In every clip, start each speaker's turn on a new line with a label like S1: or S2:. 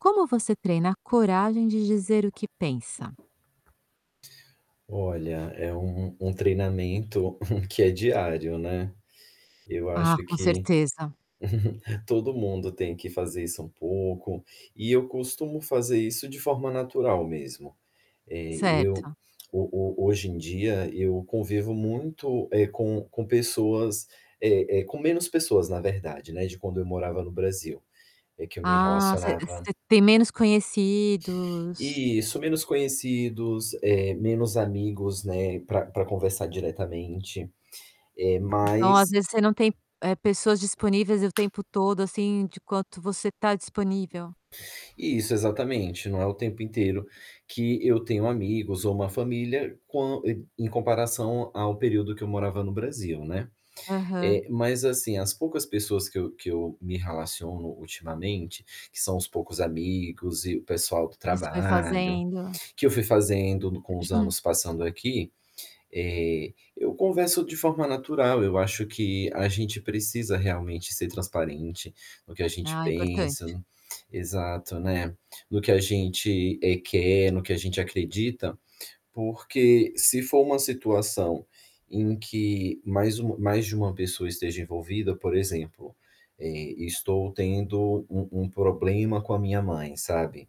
S1: Como você treina a coragem de dizer o que pensa?
S2: Olha, é um um treinamento que é diário, né. Eu
S1: Ah,
S2: acho
S1: com
S2: que
S1: certeza.
S2: todo mundo tem que fazer isso um pouco. E eu costumo fazer isso de forma natural mesmo. Eh, eu
S1: Certo.
S2: ho ho hoje em dia, eu convivo muito, eh, com com pessoas eh, eh, com menos pessoas na verdade, né, de quando eu morava no Brasil, é que eu me
S1: Ah, você
S2: relacionava
S1: você tem menos conhecidos.
S2: Isso, menos conhecidos, eh, menos amigos, né, pra pra conversar diretamente. Eh,
S1: Então às
S2: mas
S1: vezes você não tem, eh, pessoas disponíveis o tempo todo, assim, de quanto você tá disponível?
S2: Isso, exatamente, não é o tempo inteiro que eu tenho amigos ou uma família, quão em em comparação ao período que eu morava no Brasil, né.
S1: Aham.
S2: Eh, mas assim, as poucas pessoas que eu que eu me relaciono ultimamente, que são os poucos amigos e o pessoal do
S1: O que você vai
S2: trabalho,
S1: fazendo.
S2: que eu fui fazendo com os anos passando aqui, eh, eu converso de forma natural. Eu acho que a gente precisa realmente ser transparente no que a gente
S1: Ah, importante.
S2: pensa. Exato, né, no que a gente, eh, quer, no que a gente acredita, porque se for uma situação em que mais uma mais de uma pessoa esteja envolvida, por exemplo, eh, estou tendo um um problema com a minha mãe, sabe.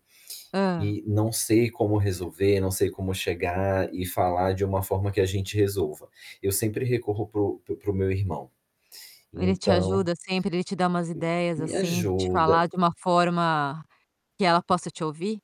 S1: Hã.
S2: E não sei como resolver, não sei como chegar e falar de uma forma que a gente resolva. Eu sempre recorro para o para o para o meu irmão.
S1: Ele te
S2: Então
S1: ajuda sempre, ele te dá umas ideias,
S2: Me
S1: assim, de te
S2: ajuda.
S1: falar de uma forma que ela possa te ouvir?